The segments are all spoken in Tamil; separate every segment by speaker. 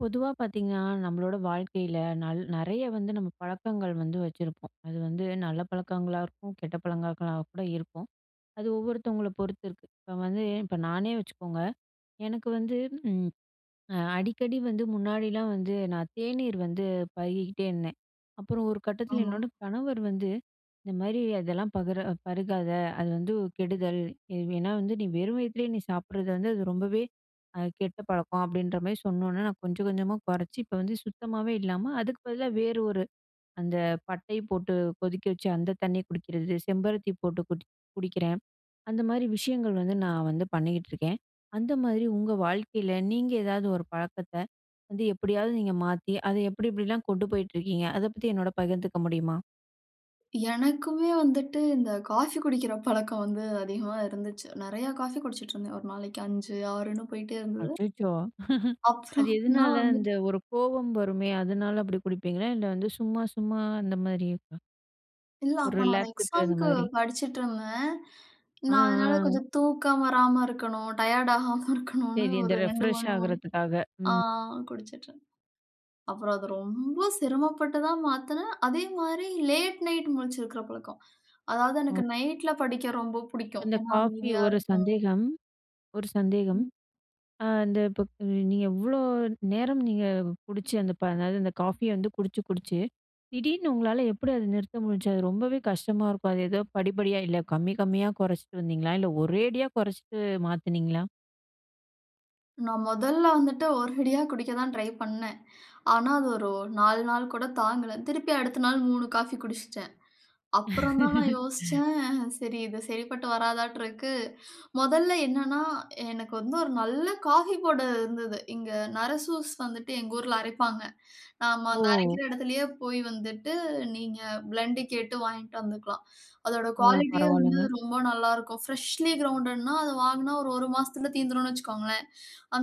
Speaker 1: பொதுவா பார்த்தீங்கன்னா, நம்மளோட வாழ்க்கையில நல் நெறைய வந்து நம்ம பழக்கங்கள் வந்து வச்சிருப்போம். அது வந்து நல்ல பழக்கங்களா இருக்கும், கெட்ட பழக்கங்களா கூட இருக்கும். அது ஒவ்வொருத்தவங்களை பொறுத்து இருக்கு. இப்ப வந்து, இப்ப நானே வச்சுக்கோங்க, எனக்கு வந்து ம் அடிக்கடி வந்து முன்னாடிலாம் வந்து நான் தேநீர் வந்து பருகிகிட்டே இருந்தேன். அப்பறம் ஒரு கட்டத்தில
Speaker 2: ஆமா.
Speaker 1: என்னோட கணவர் வந்து, "இந்த மாரி அதெல்லாம் பகுர பருகாத. அது வந்து கெடுதல். ஏவ் ஏன்னா வந்து நீ வெறும் வயித்திலேயே நீ சாப்பிடுறது வந்து அது ரொம்பவே அ கெட்ட பழக்கம்." அப்படீன்ற மாரி சொன்னோன்னே, நான் கொஞ்சம் கொஞ்சமா கொறைச்சு, இப்ப வந்து சுத்தமாவே இல்லாம, அதுக்கு பதிலா வேறு ஒரு, அந்த பட்டைய போட்டு கொதிக்க வச்சு அந்த தண்ணிய குடிக்கிறது செம்பருத்தி போட்டு குடி குடிக்கிறேன். அந்த மாரி விஷயங்கள் வந்து நான் வந்து பண்ணிகிட்டு இருக்கேன். அந்த மாதிரி உங்க வாழ்க்கையில, நீங்க ஏதாவது ஒரு பழக்கத்தை, வந்து எப்படியாவது நீங்க மாத்தி அதை எப்படி எப்படிலாம் கொண்டு போயிட்டு இருக்கீங்க? அதை பத்தி என்னோட பகிர்ந்துக்க முடியுமா?
Speaker 2: எனக்குமே வந்துட்டு, இந்த காஃபி குடிக்கிற பழக்கம் வந்து அதிகமா இருந்துச்சு. நெறையா காஃபி குடிச்சிட்டுருந்தேன், ஒரு நாளைக்கு 5 6ன்னு போயிட்டே இருந்தது.
Speaker 1: அச்சச்சோ! அது
Speaker 2: அப்புறம், நான்
Speaker 1: எதனால? அந்த
Speaker 2: வந்துட்டு
Speaker 1: ஒரு கோவம் வருமே, அதனால அப்படி குடிப்பீங்களா? இல்லை வந்து சும்மா சும்மா அந்த மாரியிருக்கா?
Speaker 2: இல்ல
Speaker 1: ஒரு
Speaker 2: அப்ப நான் ஒரு
Speaker 1: ரிலாக்ஸுக்கு அது
Speaker 2: எக்ஸாம்க்கு
Speaker 1: மாரி.
Speaker 2: படிச்சிட்டுருந்தேன்.
Speaker 1: ஆ,
Speaker 2: நான் அதனால
Speaker 1: ஆ.
Speaker 2: கொஞ்சம் தூக்கம் வராம இருக்கணும், டயர்ட் ஆகாம இருக்கணுனு
Speaker 1: சரி இந்த
Speaker 2: ஒரு 2
Speaker 1: ரெஃப்ரெஷ்ஷா
Speaker 2: 3 [unintelligible]
Speaker 1: ஆகுறதுக்காக.
Speaker 2: ஆ
Speaker 1: ம்
Speaker 2: குடிச்சிட்டுருந்தேன் அப்பறம் அது ரொம்ப சிரமப்பட்டு தான் மாத்துனே. அதேமாரி லேட் நைட் முழிச்சிக்கிற பழக்கம். அதாவது
Speaker 1: ம்.
Speaker 2: எனக்கு நைட்ல படிக்க ரொம்ப புடிக்கும்.
Speaker 1: இந்த
Speaker 2: ஏன்னா,
Speaker 1: காஃபி
Speaker 2: அமைதியா
Speaker 1: ஒரு
Speaker 2: இருக்கும்.
Speaker 1: சந்தேகம் ஒரு சந்தேகம்.
Speaker 2: ம்.
Speaker 1: ஆ அந்த இப்ப நீங்க எவ்ளோ நேரம் நீங்க குடிச்ச அந்த ப அ என்னாது அந்த காஃபிய வந்து குடிச்சு, குடிச்சு திடீர்னு உங்களால எப்டி அத நிறுத்த முடிஞ்சிச்சு? அது ரொம்பவே கஷ்டமா இருக்கும், அது ஏதோ படிப்படியா இல்ல, கம்மி கம்மியா குறச்சிட்டு வந்தீங்களா? இல்ல ஒரேடியா குறச்சிட்டு மாத்துனீங்களா?
Speaker 2: நான் மொதல்ல வந்துட்டு ஒரேடியா குடிக்க தான் ட்ரை பண்ணேன். ஆனா, அது ஒரு 4 நாள் கூட தாங்கல. திருப்பி அடுத்த நாள் 3 காஃபி குடிச்சுட்டேன். அப்புறம் தான் நான் யோசிச்சேன். சரி இது சரிப்பட்டு வராதாட்டு இருக்கு. மொதல்ல என்னன்னா எனக்கு வந்து ஒரு நல்ல காஃபி போட இருந்தது. இங்க Narasus வந்துட்டு எங்க ஊர்ல அரைப்பாங்க. நாம அந்த
Speaker 1: ஓ!
Speaker 2: அரைக்கிற இடத்துலேயே போய் வந்துட்டு நீங்க பிளெண்ட் கேட்டு வாயிட்டு வந்துக்கலாம். அதோட
Speaker 1: ஓ!
Speaker 2: குவாலிட்டியே வந்து
Speaker 1: பரவாலங்க.
Speaker 2: ரொம்ப நல்லாருக்கும். ஃப்ரெஷ்லி கிரவுண்டட்னா அத வாங்குன்னா, ஒரு ஒரு மாசத்துல தீர்ந்திருன்னு வச்சுக்கோங்களேன்.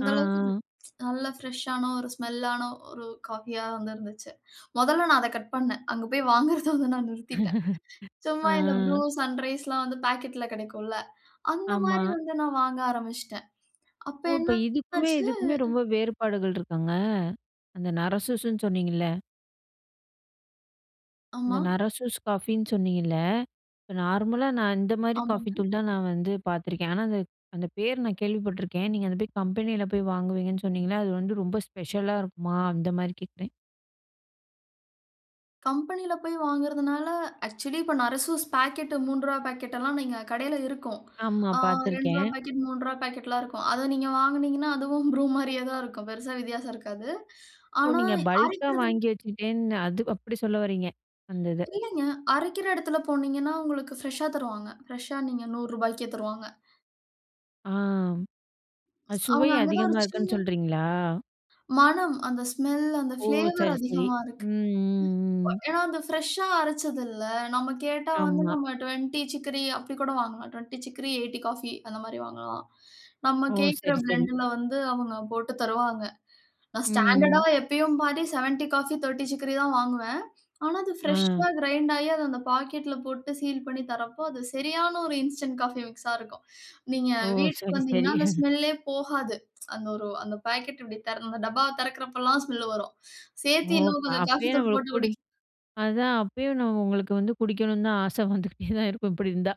Speaker 1: ஆ,
Speaker 2: அளவுக்கு இது,
Speaker 1: ஆ.
Speaker 2: நல்ல ஃபிரஷ்ஷான ஒரு ஸ்மெல் ஆன ஒரு காஃபியா வந்து இருந்துச்சு. மொதல்ல நான் அத கட் பண்னே. அங்க போய் வாங்குறத வந்து நான் நிறுத்திட்டேன் சும்மா
Speaker 1: ஆ.
Speaker 2: இந்த Bru, Sunriseலாம் வந்து பாக்கெட்ல கிடைக்கும்ல.
Speaker 1: ஆமா.
Speaker 2: அந்தமாரி வந்து நான் வாங்க ஆரம்பிச்சிட்டேன். அப்ப
Speaker 1: ஓ!
Speaker 2: என்ன
Speaker 1: இப்ப இதுக்குமே,
Speaker 2: ஆச்சு
Speaker 1: இதுக்குமே ரொம்ப வேறுபாடுகள் இருக்காங்க? அந்த Narasusuன்னு சொன்னீங்கல. இந்த
Speaker 2: ஆமா.
Speaker 1: நரசூஸ் காஃபின்னு சொன்னீங்கல்ல, இப்போ நார்மலா நான் இந்த மாதிரி காஃபி
Speaker 2: ஆமாங்க.
Speaker 1: தூள் தான் நான் வந்து பார்த்துருக்கேன். ஆனால் அந்த அந்த பேர் நான் கேள்விப்பட்டுருக்கேன், நீங்க அதை போய் கம்பெனியில போய் வாங்குவீங்கன்னு சொன்னிங்கள, அது வந்து ரொம்ப ஸ்பெஷலா இருக்குமா? அந்த மாரி கேட்குறேன்.
Speaker 2: கம்பெனியில போய் வாங்குறதனால, ஆக்சுவலி இப்ப நரசூஸ் பாக்கெட் ரூ.3 பாக்கெட் எல்லாம், நீங்க கடையில இருக்கும்,
Speaker 1: ஆமா,
Speaker 2: ஆ ரூ. 2
Speaker 1: பார்த்துருக்கேன்.
Speaker 2: பாக்கெட், ரூ. 3 பாக்கெட்லாம் இருக்கும், அதை நீங்க வாங்கினீங்கனா, அதுவும் ப்ரூ மாதிரியே தான் இருக்கும், பெரிசா வித்தியாசம் இருக்காது,
Speaker 1: ஓ
Speaker 2: ஆனா
Speaker 1: நீங்க பல்க்கா
Speaker 2: அரைக்கிறது
Speaker 1: வாங்கி வச்சிட்டேன்னு அது அப்படி சொல்ல வரீங்க, அந்த இத.
Speaker 2: இல்லைங்க. அரைக்கிற இடத்துல போனீங்கனா, உங்களுக்கு பிரஷா தருவாங்க, பிரஷா நீங்க ரூ. 100 தருவாங்க.
Speaker 1: ஆ அ சுவை
Speaker 2: அவங்க அங்க தான் ஒரு
Speaker 1: அதிகமா இருக்குன்னு
Speaker 2: சின்ன
Speaker 1: சொல்றீங்களா?
Speaker 2: மணம் அந்த ஸ்மெல் அந்த
Speaker 1: ஓ
Speaker 2: பிளேவர்
Speaker 1: சரி, சரி.
Speaker 2: அதிகமா இருக்கு.
Speaker 1: ம், ம், ம்.
Speaker 2: ஏனா அந்த பிரஷா அரைச்சதுல, நம்ம கேட்டா வந்து
Speaker 1: ஆமா.
Speaker 2: நம்ம 20 சிக்கரி அப்படி கூட வாங்கலாம், 20 சிக்கரி 80 காஃபி அந்த மாதிரி வாங்கலாம், நம்ம
Speaker 1: ஓ!
Speaker 2: கேட்கிற
Speaker 1: சரி, சரி.
Speaker 2: பிளெண்ட்இல வந்து அவங்க போட்டு தருவாங்க. நான் ஸ்டாண்டர்டா
Speaker 1: ம்.
Speaker 2: எப்பையும் பாதி 70 காஃபி, 30 சிக்ரி தான் வாங்குவேன், ஆனா அது பிரஷா
Speaker 1: அ.
Speaker 2: கிரைண்ட் ஆகி அதை அந்த பாக்கெட்ல போட்டு சீல் பண்ணி தரப்போ, அது சரியான ஒரு இன்ஸ்டன்ட் காஃபி மிக்ஸா இருக்கும், நீங்க
Speaker 1: ஓ!
Speaker 2: வீட்டுக்கு
Speaker 1: சரி, சரி.
Speaker 2: வந்தீங்கனா அந்த ஸ்மெல்லே போகாது. அந்த ஒரு அந்த பாக்கெட் இப்படி டப்பாவை திறக்குறப்பலாம் ஸ்மெல் வரும், சேர்த்து
Speaker 1: ஓ
Speaker 2: இன்னும் கொஞ்சம் காஃபி
Speaker 1: அப்பயே
Speaker 2: தூள்
Speaker 1: நம்மள
Speaker 2: போட்டு
Speaker 1: குடு
Speaker 2: குடி
Speaker 1: அதான் அப்பயும் உங்களுக்கு வந்து குடிக்கணும்னு தான் ஆசை வந்துகிட்டே தான் இருக்கும், இப்படி இருந்தா.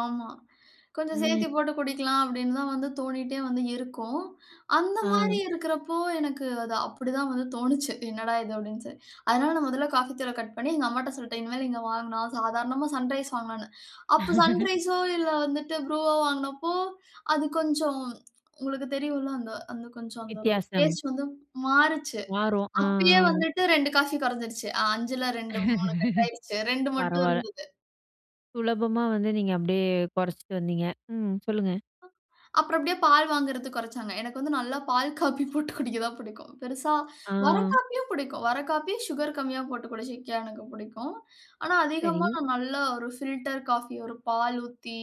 Speaker 2: ஆமா. "கொஞ்சம்
Speaker 1: ம்.
Speaker 2: சேர்த்துப் போட்டு குடிக்கலாம்." அப்பிடின்னு தான் தோணிட்டே வந்து இருக்கும். அந்தமாரி
Speaker 1: அ.
Speaker 2: இருக்கிறப்போ, எனக்கு அது அப்பிடி தான் வந்து தோணுச்சு. "என்னடா! இது" அப்பிடின்னு சொ அதனால நான் முதல காஃபித்தூள கட் பண்ணி, எங்க அம்மாட்ட சொல்ட்டேன். இனிமேலு இங்க வாங்குனா சாதாரணமா 'சன்ரைஸ்' வாங்கலான்னு. அப்ப 'சன்ரைஸ்ஸோ' இல்ல வந்துட்டு 'ப்ரூவோ' வாங்கினப்போ, அது கொஞ்சம், உங்களுக்கு தெரியும்ல. அந்த அந்த கொஞ்சம் அந்த ஒரு
Speaker 1: வித்தியாசம்.
Speaker 2: டேஸ்ட் வந்து மாறுச்சு.
Speaker 1: வரோம். அ,
Speaker 2: அப்பயே
Speaker 1: ஆ.
Speaker 2: வந்துட்டு 2 காஃபி குறைஞ்சிருச்சு. 5ல 2, 3 கட் ஆயிடுச்சு. 2 மட்டும்
Speaker 1: பரவால்ல.
Speaker 2: இருந்தது.
Speaker 1: சுலபமா வந்து நீங்க அப்பிடியே குறச்சிட்டு வந்தீங்க. ம், சொல்லுங்க.
Speaker 2: அ அப்புறம் அப்பிடியே பால் வாங்குறது குறச்சாங்க. எனக்கு வந்து நல்லா 'பால் காஃபி' போட்டு குடிக்க தான் பிடிக்கும். பெரிசா வர
Speaker 1: அ.
Speaker 2: காஃபியும் பிடிக்கும்! வர காஃபி, சுகர் கம்மியா போட்டு குடிச்சிக்க எனக்கு புடிக்கும். ஆனா அதிகமா,
Speaker 1: சரி.
Speaker 2: நல்ல ஒரு 'ஃபில்டர் காஃபி', ஒரு பால் ஊத்தி,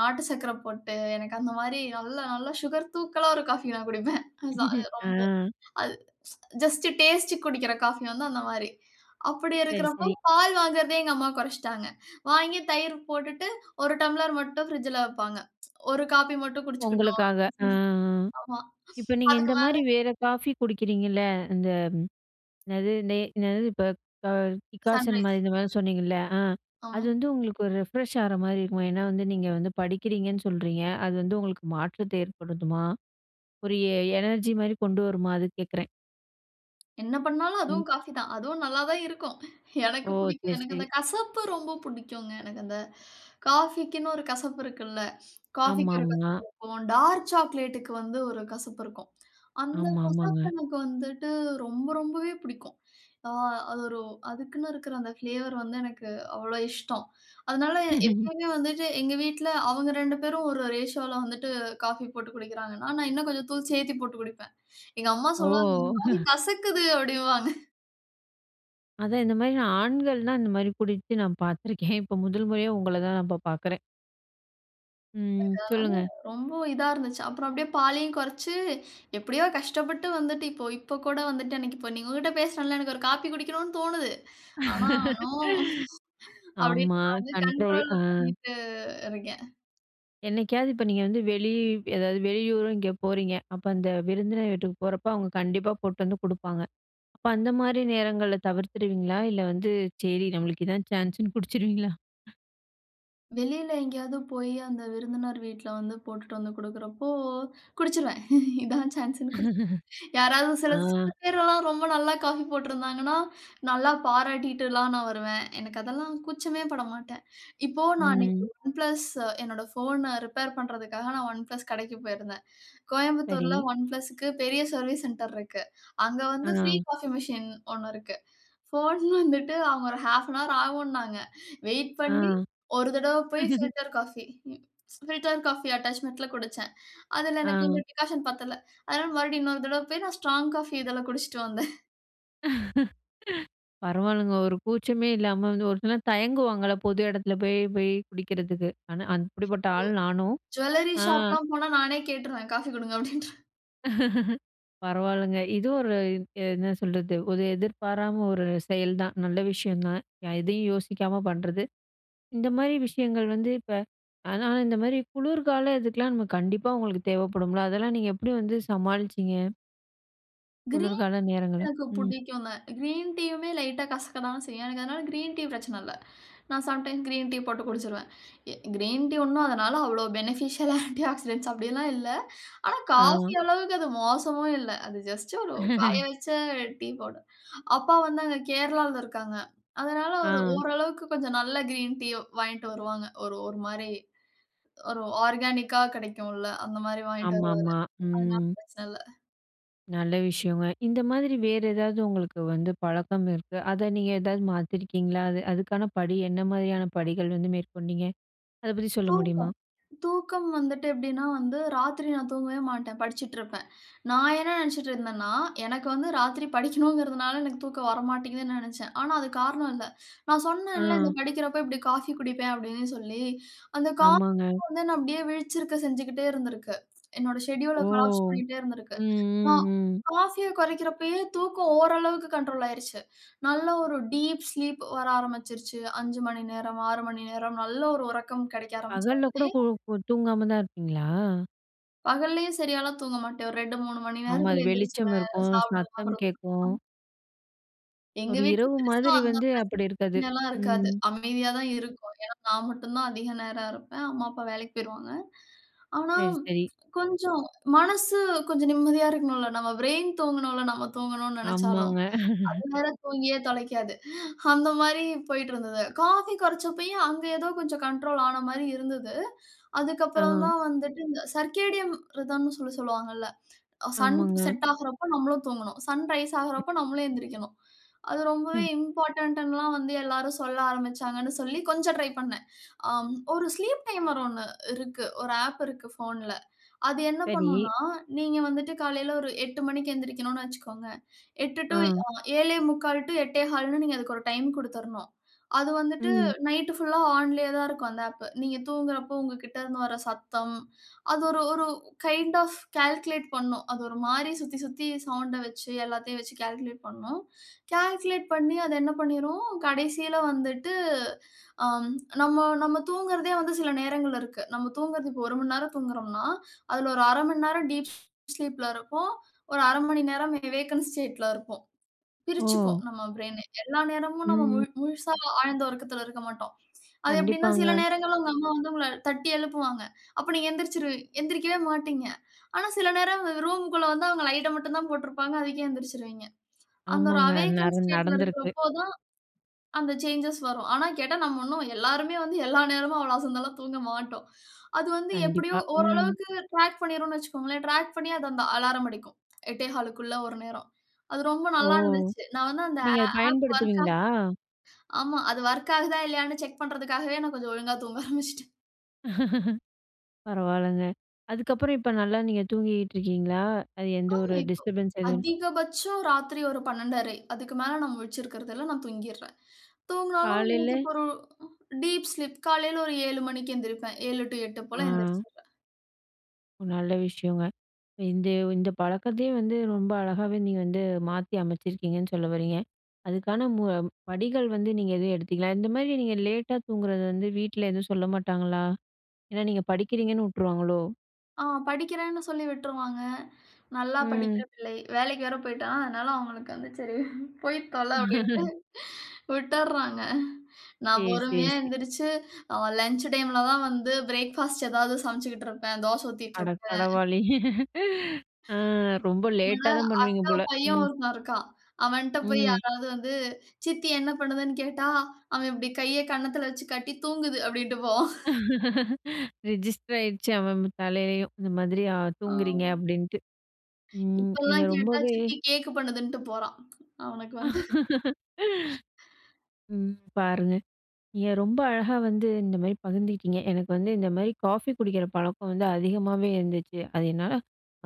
Speaker 2: நாட்டு சர்க்கரை போட்டு, எனக்கு அந்தமாரி நல்லா நல்ல சுகர் தூக்கலா ஒரு காஃபி, நான் குடிப்பேன். ச அது ரொம்ப,
Speaker 1: அ.
Speaker 2: அது ஜஸ்ட், டேஸ்ட்க்கு குடிக்கிற காஃபி வந்து அந்த மாரி. அப்பிடி
Speaker 1: சரி,
Speaker 2: இருக்கிறப்போ
Speaker 1: சரி.
Speaker 2: பால் வாங்குறதே எங்க அம்மா குறச்சிட்டாங்க. வாங்கி தயிர் போட்டுட்டு, 1 டம்ளர் மட்டும் பிரிட்ஜ்ல வப்பாங்க. 1 காஃபி மட்டும் குடிச்சிக்கிட்டும்.
Speaker 1: உங்களுக்காக, அ,
Speaker 2: [unintelligible]
Speaker 1: அ.
Speaker 2: ஆமா.
Speaker 1: இப்ப நீங்க
Speaker 2: அதுக்கு
Speaker 1: இந்த
Speaker 2: மேல
Speaker 1: மாரி வேற காஃபி குடிக்கிறீங்கல்ல. இந்த என்னது, டே என்னது? இப்ப ப டிக்காஷன்
Speaker 2: 'சன்ரைஸ்'.
Speaker 1: மாரி, இந்த மாரி சொன்னீங்கல்ல. அ, அது
Speaker 2: ஆமா.
Speaker 1: வந்து உங்களுக்கு ஒரு ரெஃப்ரெஷ்ஷா ஆறமாரி இருக்குமா? ஏன்னா வந்து நீங்க வந்து படிக்கிறீங்கன்னு சொல்றீங்க. அது வந்து உங்களுக்கு மாற்றத்தை ஏற்படுதுமா? ஒரு எ எனர்ஜி மாரி கொண்டு வருமா? அதுக்கு கேக்குறேன்.
Speaker 2: என்ன பண்ணாலும்
Speaker 1: ம்.
Speaker 2: அதுவும் காஃபி தான். அதுவும் நல்லா தான் இருக்கும்.
Speaker 1: ஓ!
Speaker 2: எனக்கு பிடிக்கும்.
Speaker 1: சரி
Speaker 2: எனக்கு
Speaker 1: சரி.
Speaker 2: அந்த கசப்பு ரொம்ப பிடிக்குங்க. எனக்கு அந்த காஃபிக்குன்னு ஒரு கசப்பு இருக்குல்ல. காஃபிக்கு ஒரு
Speaker 1: ஆமாமா.
Speaker 2: கசப்பு இருக்கும். டார்க் சாக்லேட்க்கு வந்து ஒரு கசப்பு இருக்கும். அந்தக்
Speaker 1: ஆமா, ஆமாங்க.
Speaker 2: கசப்பு எனக்கு வந்துட்டு ரொம்ப ரொம்பவே பிடிக்கும். ஆ, அது ஒரு அதுக்குன்னு இருக்குற அந்த ஃப்ளேவர் வந்து எனக்கு அவ்ளோ இஷ்டம். அதனால எப்பவுமே வந்துட்டு எங்க வீட்ல அவுங்க 2 பேரும் ஒரு ரேஷியோல வந்துட்டு காஃபி போட்டு குடிக்கிறாங்கன்னா, நான் இன்னும் கொஞ்சம் தூள் சேர்த்திப் போட்டு குடிப்பேன். எங்க அம்மா
Speaker 1: ஓ!
Speaker 2: சொல்லுவாங்க. [unintelligible] மாரி கசக்குது அப்டிம்பாங்க.
Speaker 1: அதான் இந்தமாரி ஆண்கள் தான் இந்தமாரி குடிச்சு நான் பார்த்துருக்கேன் இப்ப முதல் முறையா உங்கள தான் நான் இப்ப பார்க்குறேன். ம்.
Speaker 2: அதனால
Speaker 1: சொல்லுங்க.
Speaker 2: ரொம்ப இதா இருந்துச்சு. அப்புறம் அப்டியே பாலையும் குறச்சு எப்டியோ கஷ்டப்பட்டு வந்துட்டு இப்போ இப்போ கூட வந்துட்டு அன்னக்கி இப்ப நீங்க உங்ககிட்ட பேசுனேன்ல, எனக்கு ஒரு காஃபி குடிக்கணுனு தோணுது. ஆனா நோ
Speaker 1: ஆமா.
Speaker 2: அப்டின்ட்டு நான் வந்து
Speaker 1: கண்ட்ரோல்
Speaker 2: கண்ட்ரோல்
Speaker 1: ஆ.
Speaker 2: பண்ணிட்டு இருக்கேன்.
Speaker 1: என்னைக்காவது இப்ப நீங்க வந்து வெளி ஏதாவது வெளியூரும் எங்கே போறீங்க! அப்ப அந்த விருந்தினர் வீட்டுக்கு போறப்ப அவுங்க கண்டிப்பா போட்டு வந்து குடுப்பாங்க. அப்ப அந்தமாரி நேரங்கள தவிர்த்துருவீங்களா? இல்ல வந்து சரி நம்மளுக்கு இதான் சான்ஸுன்னு குடிச்சுருவீங்களா?
Speaker 2: வெளில எங்கேயாவது போயி அந்த விருந்தினர் வீட்ல வந்து போட்டுட்டு வந்து குடுக்குறப்போ குடிச்சிருவேன். இதான் சான்ஸ்ஸுன்னு குடி யாராவது
Speaker 1: ஆ.
Speaker 2: சில சில பேரெல்லாம் ரொம்ப நல்லா காஃபி போட்டிருந்தாங்கன்னா, நல்லா பாராட்டிட்டுலாம் நான் வருவேன். எனக்கு அதெல்லாம் கூச்சமே பட மாட்டேன். இப்போ நான் அன்னைக்கு
Speaker 1: ம்.
Speaker 2: ஒன் பிளஸ் என்னோட ஃபோன ரிப்பேர் பண்றதுக்காக நான் ஒன் பிளஸ் கடைக்கு போயிருந்தேன். கோயம்புத்தூர்ல
Speaker 1: சரி.
Speaker 2: ஒன் பிளஸ்க்கு பெரிய சர்விஸ் சென்டர் இருக்கு. அங்க வந்து ப்ரீ
Speaker 1: ஆ.
Speaker 2: காஃபி மிசின் 1 இருக்கு. போன் வந்துட்டு அவுங்க ஒரு 0:30அன் ஹவர் ஆவுன்னாங்க. வெயிட்
Speaker 1: ஆ.
Speaker 2: பண்ணி ஒரு தடவ போய் பில்டர் காஃபி பில்டர் காஃபி அட்டாச்மெண்ட்ல குடிச்சேன். அதில எனக்கு இந்த
Speaker 1: ஆ.
Speaker 2: டிக்காஷன் பத்தல, அதனால மறுபடியும் இன்னொரு தடவை போய் நான் ஸ்ட்ராங் காஃபி இதில குடிச்ட்டு வந்தேன்.
Speaker 1: பரவால்லங்க ஒரு கூச்சமே இல்லாம வந்து ஒரு சிலர் தயங்குவாங்கல்ல பொது எடத்துல போய் போய் குடிக்கிறதுக்கு, ஆனா அந்
Speaker 2: ப்போ
Speaker 1: அப்படிப்பட்ட ஆள் நானும்,
Speaker 2: ஜூவல்லரி
Speaker 1: ஆ,
Speaker 2: ஷாப் ல்லாம் போனா நானே கேட்ருவேன். "காஃபி குடுங்க" அப்டிண்ட்ரு
Speaker 1: பரவால்லங்க. இதுவும் ஒரு இத் என்ன சொல்றது, ஒரு எதிர்பாராம ஒரு செயல் தான். நல்ல விஷயம் தான். ய எதையும் யோசிக்காம பண்றது. இந்த மாரி விஷயங்கள் வந்து இப்ப ஆனா இந்த மாரி குளுர்கால இதுக்கலாம் நம்ம கண்டிப்பா உங்களுக்கு தேவப்படும்ல! அதெல்லாம் நீங்க எப்டி வந்து சமாளிச்சிங்க?
Speaker 2: கிரீன் டீ
Speaker 1: குளுர்கால நேரங்களும்,
Speaker 2: எனக்கு
Speaker 1: ம்.
Speaker 2: புடிக்குங்க, கிரீன் டீயுமே லைட்டா கசக்கதான செய்யும், எனக்கு அதனால கிரீன் டீ பிரச்சன இல்ல. நான் சம் டைம் கிரீன் டீ போட்டு குடிச்சுருவேன். எ கிரீன் டீ ஒண்ணும் அதனால, அவ்ளோ ஃபெனிஃபிஷியல் ஆ ஆன்டி ஆக்சிடெட்ஸ் அப்பிடியெல்லாம் இல்ல. ஆனா காஃபி
Speaker 1: ஆமா.
Speaker 2: அளவுக்கு அது மோசமும் இல்ல. அது ஜஸ்ட் ஒரு காய வச்ச டீ பவுடர். அப்பா வந்து அங்க கேரளாவுல இருக்காங்க. அதனால அவரு
Speaker 1: ஆ.
Speaker 2: ஓரளவுக்கு கொஞ்சம் நல்ல கிரீன் டீயோ வாங்கிட்டு வருவாங்க. ஒரு, ஒரு மாரி, ஒரு ஆர்கானிக் கா கிடைக்கும்ல, அந்தமாரி வாங்கிட்டு
Speaker 1: ஆமா,
Speaker 2: வருவாரு.
Speaker 1: ஆமா.
Speaker 2: அதனால
Speaker 1: ம்.
Speaker 2: பிரச்சன இல்ல.
Speaker 1: நல்ல விஷயங்க. இந்த மாதிரி வேற ஏதாவது உங்களுக்கு வந்து பழக்கம் இருக்கு. அத நீங்க ஏதாவது மாத்தியிருக்கீங்களா? அது அதுக்கான படி என்ன மாரியான படிகள் வந்து மேற்கொண்டீங்க? அத பத்தி சொல்ல முடியுமா?
Speaker 2: தூக்கம், தூக்கம் வந்துட்டு எப்பிடின்னா வந்து ராத்திரி நான் தூங்கவே மாட்டேன். படிச்சுட்டிருப்பேன். நான் என்ன நெனச்சிட்ருந்தேன்னா எனக்கு வந்து ராத்திரி படிக்கனுங்குறதுனால எனக்கு தூக்கம் வரமாட்டேங்குதுன்னு நெனச்சேன். ஆனா அதுக்காரணம் இல்ல. நான் சொன்னேன்ல்ல! இந்த
Speaker 1: ஆ.
Speaker 2: படிக்கிறப்ப இப்பிடி காஃபி குடிப்பேன் அப்பிடின்னு சொல்லி. அந்த காஃபி
Speaker 1: ஆமாங்க.
Speaker 2: [unintelligible] நான் அப்பிடியே விழிச்சிருக்க செஞ்சுகிட்டேருந்துருக்கு. என்னோட ஷெட்யூல்
Speaker 1: ஓ!
Speaker 2: ல கொலாப்ஸ் பண்ணிக்கிட்டே இருந்திருக்கு
Speaker 1: ம்,
Speaker 2: நான்
Speaker 1: ம், ம்.
Speaker 2: காஃபிய கொறைக்கறப்பயே தூக்கம் ஓரளவுக்கு கண்ட்ரோல் ஆயிருச்சு. நல்ல ஒரு டீப் ஸ்லீப் வர ஆரம்பிச்சுருச்சு. 5:00 மணி நேரமா, 6:00 மணி நேரம் நல்ல ஒரு உறக்கம் கெடைக்க ஆரம்பிச்ச
Speaker 1: பகல்ல கூட
Speaker 2: உடனே
Speaker 1: கு தூங்காம தான் இருப்பீங்களா?
Speaker 2: பகல்லேயே சரியால்லாம் தூங்க மாட்டேன். ஒரு 2, 3 மணி
Speaker 1: ஆமா. அது
Speaker 2: நேரத்துல
Speaker 1: வெளிச்சம்
Speaker 2: எந்திருச்சிருவேன்.
Speaker 1: இருக்கும்.
Speaker 2: சாப்பிடுவேன்.
Speaker 1: சத்தம்
Speaker 2: அப்பறம்
Speaker 1: கேட்கும்.
Speaker 2: [unintelligible] எங்க
Speaker 1: ஒரு
Speaker 2: வீட்ல
Speaker 1: இரவு
Speaker 2: பெருசா
Speaker 1: மாதிரி
Speaker 2: அந்த
Speaker 1: வந்து அப்படி இருக்காது.
Speaker 2: பிரச்சனைலாம் இருக்காது.
Speaker 1: ம்.
Speaker 2: அமைதியா தான் இருக்கும். ஏன்னா நான் மட்டும் தான் அதிக நேரம் இருப்பேன். அம்மா, அப்பா வேலைக்கு போய்ருவாங்க. ஆனா,
Speaker 1: சரி, சரி.
Speaker 2: கொஞ்சம் மனசு கொஞ்சம் நிம்மதியா இருக்கணும்ல. நம்ம ப்ரெயின் தூங்கணும்ல்ல, நம்ம தூங்கணும்னு நெனைச்சாலும்.
Speaker 1: ஆமாங்க.
Speaker 2: அது வேற, தூங்கியே தொலைக்காது. அந்த மாரி போய்ட்டு இருந்தது. காஃபி கொறச்சப்பயே, அங்க எதோ கொஞ்சம் கண்ட்ரோல் ஆன மாரி இருந்தது. அதுக்கப்பறம்
Speaker 1: ஆ.
Speaker 2: தான் வந்துட்டு, இந்த சர்க்கேடியம் ரிதம்ன்னு சொல்லி சொல்லுவாங்கல. அ சன்
Speaker 1: ஆமாங்க.
Speaker 2: செட் ஆகுறப்ப நம்மளும் தூங்கணும். சன் ரைஸ்
Speaker 1: ம்.
Speaker 2: ஆகுறப்ப நம்மளும் எந்திரிக்கணும். அது ரொம்பவே
Speaker 1: ம்.
Speaker 2: இம்போர்டன்ட்டுன்னுல்லாம் வந்து எல்லாரும் சொல்ல ஆரம்பிச்சாங்கன்னு சொல்லி, கொஞ்சம் ட்ரை பண்னேன். அ ஒரு ஸ்லீப் டைமர் ஒண்ணு இருக்கு. ஒரு ஆப் இருக்கு ஃபோன்ல. அது என்ன
Speaker 1: சரி.
Speaker 2: பண்ணும்னா, நீங்க வந்துட்டு காலையில ஒரு 8:00 மணிக்கு எந்திரிக்கணும்னு வச்சுக்கோங்க. 8 டூ
Speaker 1: ஆ.
Speaker 2: [unintelligible] 7:45 டூ 8:15ன்னு நீங்க அதுக்கு ஒரு டைம் குடுத்துறணும். அது வந்துட்டு
Speaker 1: ம்.
Speaker 2: நைட்டு ஃபுல்லா ஆன்லேயே தான் இருக்கும் அந்த ஆப். நீங்க தூங்குறப்போ உங்ககிட்டேருந்து வர்ற சத்தம் அது ஒரு ஒரு கைண்ட் ஆஃப் கால்குலேட் பண்ணும். அது ஒரு மாரி சுத்தி சுத்தி சவுண்ட வச்சு, எல்லாத்தையும் வச்சு கால்குலேட் பண்ணும். கால்குலேட் பண்ணி அது என்ன பண்ணீரும், கடைசியில வந்துட்டு அம் நம்ம நம்ம தூங்குறதே வந்து சில நேரங்கள் இருக்கு. நம்ம தூங்குறது இப்போ 1 மணி நேரம் தூங்குகுறோம்ன்னா, அதுல ஒரு 1/2 மணி நேரம் டீப் ஸ்லீப்ல இருப்போம். ஒரு 1/2 மணி நேரம் வே வேக்கன்ட் ஸ்டேட்ல இருப்போம். பிரிச்சுக்கும்
Speaker 1: ஓ!
Speaker 2: நம்ம ப்ரெயினே. எல்லா நேரமும் நம்ம
Speaker 1: ம்.
Speaker 2: முழு முழுசா ஆழ்ந்த உறக்கத்துல இருக்க மாட்டோம். அது எப்படீன்னா, சில
Speaker 1: கண்டிப்பாங்க.
Speaker 2: நேரங்கள்ல உங்க அம்மா வந்து உங்கள தட்டி எழுப்புவாங்க. அப்ப நீங்க எந்திரிச்சுருவீ எந்திரிக்கவே மாட்டீங்க. ஆனா சில நேரம் ரூமுக்குள்ள வந்து அவுங்க லைட்ட மட்டும் தான் போட்ருப்பாங்க. அதுக்கே எந்திரிச்சுருவீங்க. அந்த ஒரு
Speaker 1: ஆமாங்க. அது
Speaker 2: அவேக்கன்
Speaker 1: நடந்
Speaker 2: ஸ்டேட்ல
Speaker 1: நடந்திருக்கு.
Speaker 2: இருக்குறப்போ தான், அந்த சேஞ்சஸ் வரும். ஆனா கேட்டா, நம்ம இன்னும் எல்லாருமே வந்து எல்லா நேரமும் அவ்வளோ அசந்தெல்லாம் தூங்க மாட்டோம். அது வந்து எப்புடியோ
Speaker 1: கண்டிப்பா. ம்.
Speaker 2: ஓரளவுக்கு ட்ராக் பண்ணிரும்னு வச்சுக்கோங்களேன். ட்ராக் பண்ணி, அது அந்த அலாரம் அடிக்கும். 8 1/4க்குள்ள ஒரு நேரம். அது ரொம்ப
Speaker 1: ஓ!
Speaker 2: நல்லா இருந்துச்சு. நான் வந்து அந்த ஆ
Speaker 1: நீங்க அத
Speaker 2: ஆப் வொர்க் ஆகு
Speaker 1: பயன்படுத்துவீங்களா?
Speaker 2: ஆமா. அது வொர்க் ஆகுதா? இல்லையான்னு செக் பண்றதுக்காகவே நான் கொஞ்சம் ஒழுங்கா தூங்க ஆரம்பிச்சுட்டேன்.
Speaker 1: பரவால்லங்க. அதுக்கப்புறம் இப்போ நல்லா நீங்க தூங்கிக்கிட்டு இருக்கீங்களா? அது எந்த
Speaker 2: ஆ
Speaker 1: ஒரு
Speaker 2: இப்போ
Speaker 1: டிஸ்டர்பன்ஸ் எதுவும்
Speaker 2: அதிகபட்சம் ராத்திரி ஒரு 12்:30 அதுக்கு மேல நான் முழிச்சிருக்குறதில்ல, நான் தூங்கிர்றேன். தூங்குனாலும் எனக்கு
Speaker 1: காலையில
Speaker 2: இப்போ ஒரு டீப் ஸ்லீப் காலைல ஒரு 7:00 மணிக்கு எந்திரிப்பேன். 7:00 டூ 8:00
Speaker 1: ஆ.
Speaker 2: போல எந்திரிச்சுருவேன்.
Speaker 1: நல்ல விஷயங்க. இந்தய இந்த பழக்கத்தையே வந்து ரொம்ப அழகாவே நீங்க வந்து மாத்தி அமைச்சிருக்கீங்கன்னு சொல்ல வரீங்க. அதுக்கான மு படிகள் வந்து நீங்க எதுவும் எடுத்தீங்களா? இந்தமாரி நீங்க லேட்டா தூங்குறது வந்து வீட்ல எதுவும் சொல்ல மாட்டாங்களா? ஏன்னா நீங்க படிக்கிறீங்கன்னு விட்டுருவாங்களோ!
Speaker 2: ஆ, படிக்கிறேன்னு சொல்லி விட்ருவாங்க. நல்லா படிக்கிற
Speaker 1: ம்.
Speaker 2: பிள்ளை. வேலைக்கு வேற போயிட்டா, அதனால, அவுங்களுக்கு வந்து "சரி போய் தொல!" அப்பிடின்ட்டு விட்டர்றாங்க நான்
Speaker 1: சேரி, சேரி,
Speaker 2: பொறுமையா
Speaker 1: சே
Speaker 2: எந்திரிச்சு, அவன் லஞ்ச் டைம்ல தான் வந்து பிரேக் ஃபாஸ்ட் எதாவது சமச்சுகிட்டுருப்பேன். தோச
Speaker 1: அட
Speaker 2: ஊத்திட்ருப்பேன்.
Speaker 1: கடவுளே! ஆ, ரொம்ப
Speaker 2: என்னோட
Speaker 1: லேட்டா தான் பண்ணுவீங்க
Speaker 2: அக்கா
Speaker 1: போல.
Speaker 2: பையன்
Speaker 1: ம்.
Speaker 2: ஒருத்தன் இருக்கான். அவன்ட்ட போயி
Speaker 1: ம்.
Speaker 2: யாராவது வந்து சித்தி என்ன பண்ணுதுன்னு கேட்டா, அவன் இப்பிடி கைய கன்னத்தில வச்சி காட்டி "தூங்குது" அப்பிடின்ட்டு போவான்
Speaker 1: ரெஜிஸ்டர் ஆயிருச்சு. அவன், அவன் இவ் தலையிலயும். இந்த மாதிரி அ, தூங்குறீங்க
Speaker 2: ஆம்.
Speaker 1: அப்பிடின்ட்டு. ம். நீங்க
Speaker 2: இப்போல்லாம் கேட்டா
Speaker 1: ரொம்பவே
Speaker 2: சித்தி கேக் பண்ணுதுன்ட்டு போறான். அவனுக்கு வந்து
Speaker 1: ம். பாருங்க, நீங்க ரொம்ப அழகா வந்து இந்தமாரி பகிந்துகிட்டீங்க. எனக்கு வந்து இந்தமாரி காஃபி குடிக்கிற பழக்கம் வந்து அதிகமாவே இருந்துச்சு. அது என்னால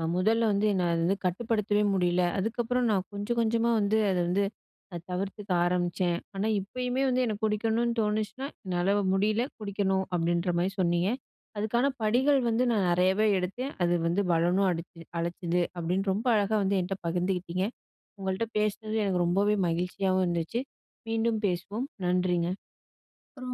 Speaker 1: அ, முதல்ல வந்து என்ன அது வந்து கட்டுப்படுத்தவே முடியல, அதுக்கப்புறம் நான் கொஞ்சம், கொஞ்சமா வந்து அத வந்து அ, தவிர்த்துக்க ஆரம்பிச்சேன். ஆனா இப்பயுமே வந்து எனக்கு குடிக்கணுன்னு தோணுச்சுனா, என்னால முடியல, குடிக்கணும் அப்பிடின்ற மாரி சொன்னீங்க. "அதுக்கான
Speaker 2: ம்.
Speaker 1: படிகள் வந்து நான் நெறையாவே எடுத்தேன், அது வந்து பலனும் அடிச்சு அளிச்சது" அப்பிடின்னு ரொம்ப அழகா வந்து என்ட்ட பகிர்ந்துக்கிட்டீங்க. உங்கள்ட்ட பேசுனது எனக்கு ரொம்பவே மகிழ்ச்சியாவும் இருந்துச்சு. மீண்டும் பேசுவோம். நன்றிங்க!
Speaker 2: அப்புறம்